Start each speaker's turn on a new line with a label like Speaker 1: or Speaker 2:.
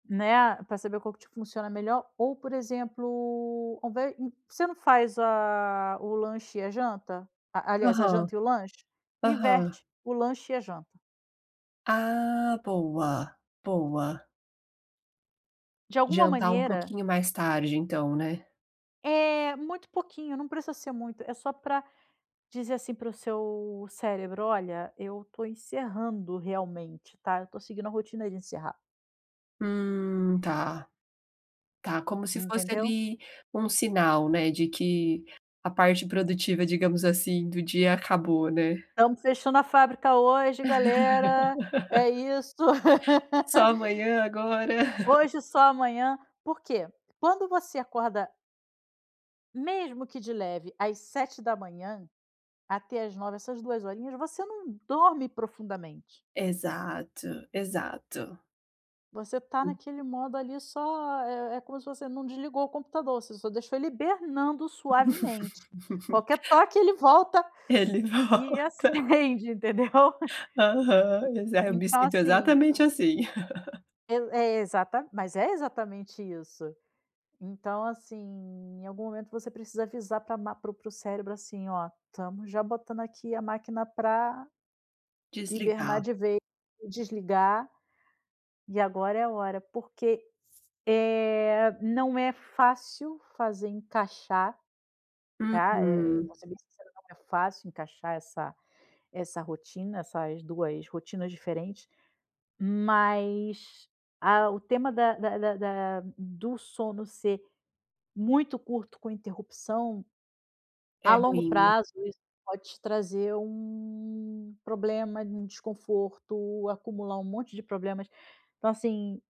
Speaker 1: Né, a pra saber qual que te funciona melhor ou por exemplo, ao invés hum, por que você não faz a o lanche e a janta? A aliás a
Speaker 2: Aham.
Speaker 1: janta e o lanche?
Speaker 2: Aham.
Speaker 1: Inverte. O lanche e a janta.
Speaker 2: Ah, boa, boa.
Speaker 1: De alguma
Speaker 2: Jantar um
Speaker 1: maneira
Speaker 2: pouquinho mais tarde então, né.
Speaker 1: É, muito pouquinho, não precisa ser muito. É só pra dizer, assim, para o seu cérebro: "Olha, eu tô encerrando realmente, tá? Eu tô seguindo a rotina de encerrar".
Speaker 2: Hum. tá. Tá, como se fosse
Speaker 1: Entendeu?
Speaker 2: ali, um sinal, né, de que a parte produtiva, digamos assim, do dia acabou, né.
Speaker 1: "Estamos fechando a fábrica hoje, galera. É isso!
Speaker 2: Só amanhã, agora.
Speaker 1: Hoje, só amanhã." Por quê? Quando você acorda mesmo que de leve, às 7h, até às 9h, essas 2 horinhas, você não dorme profundamente.
Speaker 2: Exato, exato.
Speaker 1: Você tá
Speaker 2: Hum.
Speaker 1: naquele modo ali só é é como se você não desligou o computador, você só deixa ele hibernando suavemente. Qualquer toque, ele volta
Speaker 2: Ele
Speaker 1: e
Speaker 2: volta.
Speaker 1: acende, entendeu.
Speaker 2: Aham, exa eu me
Speaker 1: Então,
Speaker 2: sinto
Speaker 1: assim
Speaker 2: exatamente assim.
Speaker 1: Poi é exa mas é exatamente isso. Então, assim, em algum momento você precisa avisar pra a ma para o para o cérebro, assim: "Ó, estamos já botando aqui a máquina pra hibernar
Speaker 2: Desligar.
Speaker 1: de vez e desligar" "e agora é a hora." Porque, eh, não é fácil fazer encaixar, tá, eh,
Speaker 2: Uhum.
Speaker 1: vou ser bem sincera, não é fácil encaixar essa essa rotina, essas 2 rotinas diferentes, mas a o tema da da da da do sono ser muito curto com interrupção, a
Speaker 2: É
Speaker 1: longo
Speaker 2: ruim.
Speaker 1: prazo, isso pode te trazer um problema, um desconforto, acumular um monte de problemas. Então, assim